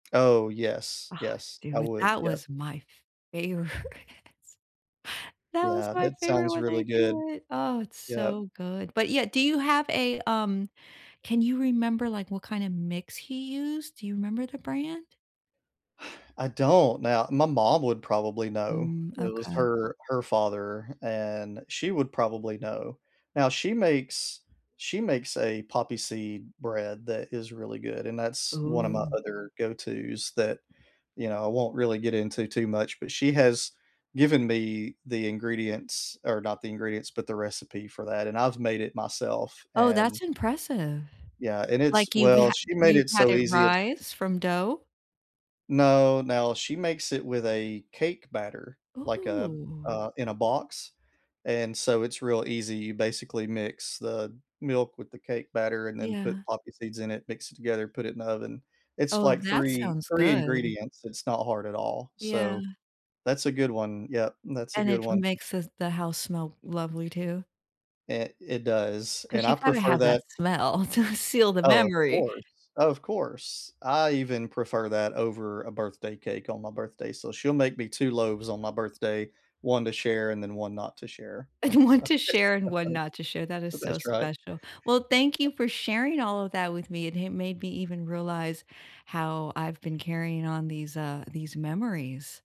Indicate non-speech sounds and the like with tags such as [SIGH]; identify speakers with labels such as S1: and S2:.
S1: Oh, yes,
S2: Ah,
S1: yes, I
S2: dude
S1: would,
S2: that
S1: yep.
S2: was my favorite. That was
S1: Yeah,
S2: my
S1: that
S2: favorite
S1: sounds
S2: when
S1: really
S2: I
S1: good.
S2: do it. Oh, it's
S1: Yep.
S2: so good. But, yeah, do you have a, um, can you remember, like, what kinda mix he used? Do you remember the brand?
S1: [SIGHS] I don't. Now, my mom would probably know.
S2: Mm,
S1: It was
S2: okay.
S1: her her father, and she would probably know. Now she makes she makes a poppy seed bread that is really good and that's one of my
S2: Ooh.
S1: other go to's that, you know, I won't really get into too much, but, she has given me the ingredients or not the ingredients, but, the recipe for that, and I've made it myself
S2: Oh,
S1: and
S2: that's impressive.
S1: Yeah, and it's
S2: Like, you've
S1: well,
S2: ha
S1: she made
S2: you've
S1: it
S2: had
S1: so
S2: it
S1: easy it's
S2: rise from dough?
S1: No, now, she makes it with a cake batter, like, a
S2: Ooh.
S1: uh, in a box. And so it's real easy. You basically mix the milk with the cake batter and then put
S2: Yeah.
S1: poppy seeds in it, mix it together, put it in the oven. It's,
S2: Oh,
S1: like,
S2: that
S1: three
S2: sounds
S1: three
S2: good.
S1: ingredients, it's not hard at all,
S2: Yeah.
S1: so that's a good one, yup, that's a
S2: And
S1: good
S2: it
S1: one.
S2: makes the the house smell lovely, too.
S1: It it does, and
S2: 'Cause
S1: I
S2: you gotta
S1: prefer
S2: have that
S1: that.
S2: smell to seal the
S1: Oh, of
S2: memory.
S1: course, of course. I even prefer that over a birthday cake on my birthday, so she'll make me two loaves on my birthday, one to share and then one not to share.
S2: And one
S1: So,
S2: to
S1: it's
S2: share and
S1: kinda
S2: one
S1: funny,
S2: not to share, that is
S1: but
S2: so
S1: that's right.
S2: special. Well, thank you for sharing all of that with me. It ha made me even realize how I've been carrying on these, uh these memories.